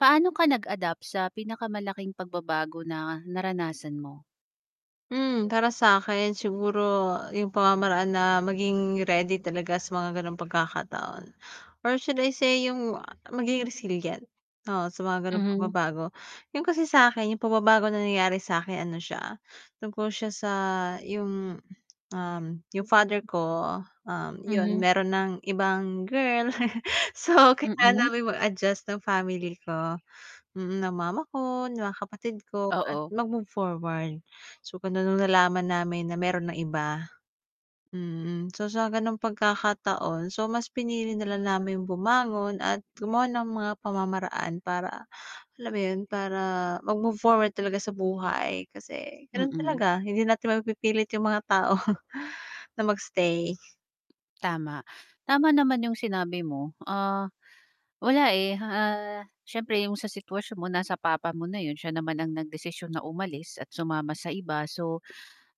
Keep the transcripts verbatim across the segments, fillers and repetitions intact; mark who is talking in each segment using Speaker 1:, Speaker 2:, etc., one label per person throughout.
Speaker 1: Paano ka nag-adapt sa pinakamalaking pagbabago na naranasan mo?
Speaker 2: Hmm, para sakin siguro yung pamamaraan na maging ready talaga sa mga ganong pagkakataon, or should I say yung maging resilient, oo sa mga ganong
Speaker 1: Hmm.
Speaker 2: pagbabago. Yun kasi sakin, yung pagbabago na nangyayari sa akin, ano siya, tungkol siya sa yung, um, yung father ko, um, yun
Speaker 1: Mhm.
Speaker 2: meron nang ibang girl so, kailangan
Speaker 1: Mm.
Speaker 2: naming mag-adjust ng family ko. Mm, ng mama ko, ng kapatid ko at
Speaker 1: Oo.
Speaker 2: mag-move forward. So, kaya nung nalaman namin na meron ng iba mm, so, sa gano'ng pagkakataon, so, mas pinili na lang namin yung bumangon at gumawa ng mga pamamaraan para alam mo yun, para mag-move forward talaga sa buhay, kasi ganun
Speaker 1: Mm.
Speaker 2: talaga, hindi natin mapipilit yung mga tao na mag-stay.
Speaker 1: Tama. Tama naman yung sinabi mo, ah, wala, eh, ah, syempre yung sa sitwasyon mo nasa papa mo na yun, siya naman ang nagdesisyonm na umalis at sumama sa iba, so,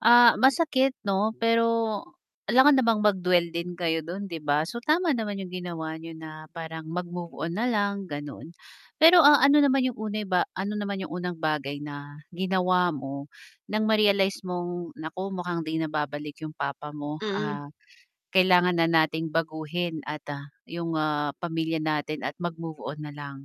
Speaker 1: ah, masakit 'no? Pero alangan namang mag-dwell din kayo dun 'di ba? So, tama naman yung ginawa niyo na parang mag-move on na lang ganon. Pero, ah, ano naman yung uneba ano naman yung unang bagay na ginawa mo nang ma-realize mong na mukhang 'di nababalik yung papa mo,
Speaker 2: Mm.
Speaker 1: ah, kailangan na nating baguhin at, ah, yung, ah, pamilya natin at mag-move on nalang?